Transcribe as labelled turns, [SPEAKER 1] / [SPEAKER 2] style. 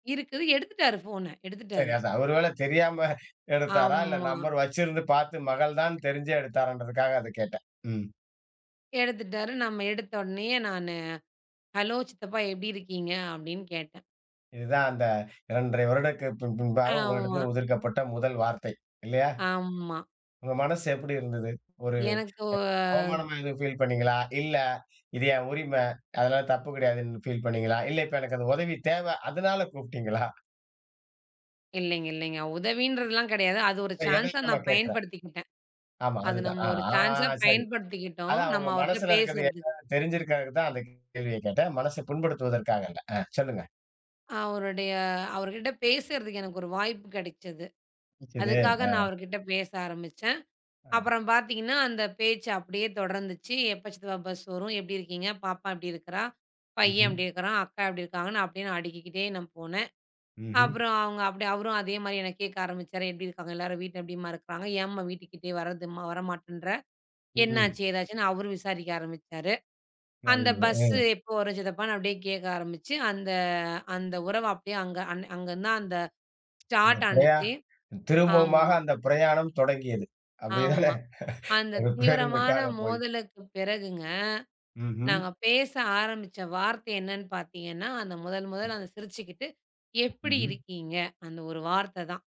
[SPEAKER 1] இருக்குது. எடுத்துட்டாரு ஃபோன,
[SPEAKER 2] சரி,
[SPEAKER 1] எடுத்துட்டாரு.
[SPEAKER 2] அவரு ஒருவேள தெரியாம எடுத்தாரா, இல்ல
[SPEAKER 1] ஆமா.
[SPEAKER 2] நம்பர் வச்சிருந்து பாத்து மகள்தான் தெரிஞ்சு எடுத்தாரான்றதுக்காக அதக் கேட்டேன். ம்.
[SPEAKER 1] எடுத்துட்டாரு. "நம்ம எடுத்தவோன்னேயே நானு, ஹலோ சித்தப்பா எப்டி இருக்கீங்க?" அப்டின்னு கேட்டேன்.
[SPEAKER 2] இதுதான் அந்த 2 1/2 வருடத்திற்கு பின் பின்பாக உங்ககிட்ட
[SPEAKER 1] ஆமா.
[SPEAKER 2] உதிர்க்கப்பட்ட முதல் வார்த்தை. இல்லையா?
[SPEAKER 1] ஆமா.
[SPEAKER 2] உங்க மனசு எப்படி இருந்தது? ஒரு
[SPEAKER 1] எனக்கு ஒ
[SPEAKER 2] அவமானமா எதுவும் ஃபீல் பண்ணீங்களா? இல்ல, இது என் உரிம அதெல்லாம் தப்பு கெடையாதுன்னு ஃபீல் பண்ணீங்களா? இல்ல, இப்ப எனக்கு அந்த உதவி தேவ அதனால கூப்டீங்களா?
[SPEAKER 1] இல்லைங்க, இல்லைங்க. உதவின்றதெல்லாம் கிடையாது. அது ஒரு
[SPEAKER 2] இல்ல. எதிர்
[SPEAKER 1] சான்சா
[SPEAKER 2] கொள்ள
[SPEAKER 1] நான்
[SPEAKER 2] கேக்கிறேன்.
[SPEAKER 1] பயன்படுத்திக்கிட்டேன்.
[SPEAKER 2] ஆமா.
[SPEAKER 1] அத
[SPEAKER 2] அதுதான்
[SPEAKER 1] நம்ம
[SPEAKER 2] அ,
[SPEAKER 1] ஒரு சான்சா
[SPEAKER 2] ஆ, சரி.
[SPEAKER 1] பயன்படுத்திக்கிட்டோம்.
[SPEAKER 2] அதான்
[SPEAKER 1] நம்ம
[SPEAKER 2] உங்க
[SPEAKER 1] அவர்ட்ட
[SPEAKER 2] மனசுல இருக்கறத
[SPEAKER 1] பேசறதுக்கு.
[SPEAKER 2] என்னான்னு தெரிஞ்சுருக்கறதுதான் அந்தக் கேள்வியக் கேட்டேன். மனச புண்படுத்துவதற்காக அல்ல. ஆ. சொல்லுங்க.
[SPEAKER 1] அவருடைய அவர்கிட்ட பேசறதுக்கு எனக்கு ஒரு வாய்ப்பு கெடைச்சுது.
[SPEAKER 2] கெடச்சதே,
[SPEAKER 1] அதுக்காக
[SPEAKER 2] ஆ.
[SPEAKER 1] நான் அவர்கிட்ட பேச ஆரம்பிச்சேன்.
[SPEAKER 2] ஆ.
[SPEAKER 1] அப்றம் பாத்தீங்கன்னா அந்தப் பேச்சு அப்டியே தொடர்ந்துச்சு. எப்ப சித்தப்பா பஸ் வரும்? எப்படி இருக்கீங்க? பாப்பா எப்டி இருக்கறா? பையன்
[SPEAKER 2] ம்ஹம்.
[SPEAKER 1] எப்படி இருக்கறான்? அக்கா எப்படி இருக்காங்க? அப்டியே அடிக்கிக்கிட்டே நான் போனேன்.
[SPEAKER 2] ம்ஹம்.
[SPEAKER 1] அப்றம் அவங்க அப்டியே அவரும் அதே மாரி என்னக் கேக்க ஆரம்பிச்சாரு. எப்படி இருக்காங்க எல்லாரும்? வீட்ல எப்டிம்மா இருக்கறாங்க? ஏன்ம்மா வீட்டுக்கு கிட்டயே வர்றதும்மா வர மாட்டேன்ற?
[SPEAKER 2] ம்ஹம்.
[SPEAKER 1] என்னாச்சு, ஏதாச்சுன்னு, அவரு விசாரிக்க ஆரம்பிச்சாரு. அந்த
[SPEAKER 2] நல்லது,
[SPEAKER 1] பஸ்
[SPEAKER 2] ஆ.
[SPEAKER 1] எப்போ வரும் சித்தப்பான்னு அப்டியே கேக்க ஆரம்பிச்சு, அந்த அந்த உறவ அப்டியே அங்க அன் அங்கருந்து தான் அந்த
[SPEAKER 2] இல்லையா?
[SPEAKER 1] ஸ்டார்டானுச்சு
[SPEAKER 2] திரும்பவுமாக
[SPEAKER 1] ஆமா.
[SPEAKER 2] அந்தப் பிரயாணம் தொடங்கியது. அப்டித்தானே?
[SPEAKER 1] ஆமா. அந்தத்
[SPEAKER 2] ஒரு
[SPEAKER 1] தீவிரமான
[SPEAKER 2] பேருந்துக்காகப் போய்
[SPEAKER 1] மோதலுக்கு பிறகுங்க,
[SPEAKER 2] ம்ஹம்.
[SPEAKER 1] நாங்க பேச ஆரம்பிச்ச வார்த்தை என்னன்னு பாத்தீங்கன்னா, அந்த முதல் முதல் அந்த சிரிச்சுக்கிட்டு, எப்படி
[SPEAKER 2] ம்ஹம்.
[SPEAKER 1] இருக்கீங்க? அந்த ஒரு வார்த்த தான்.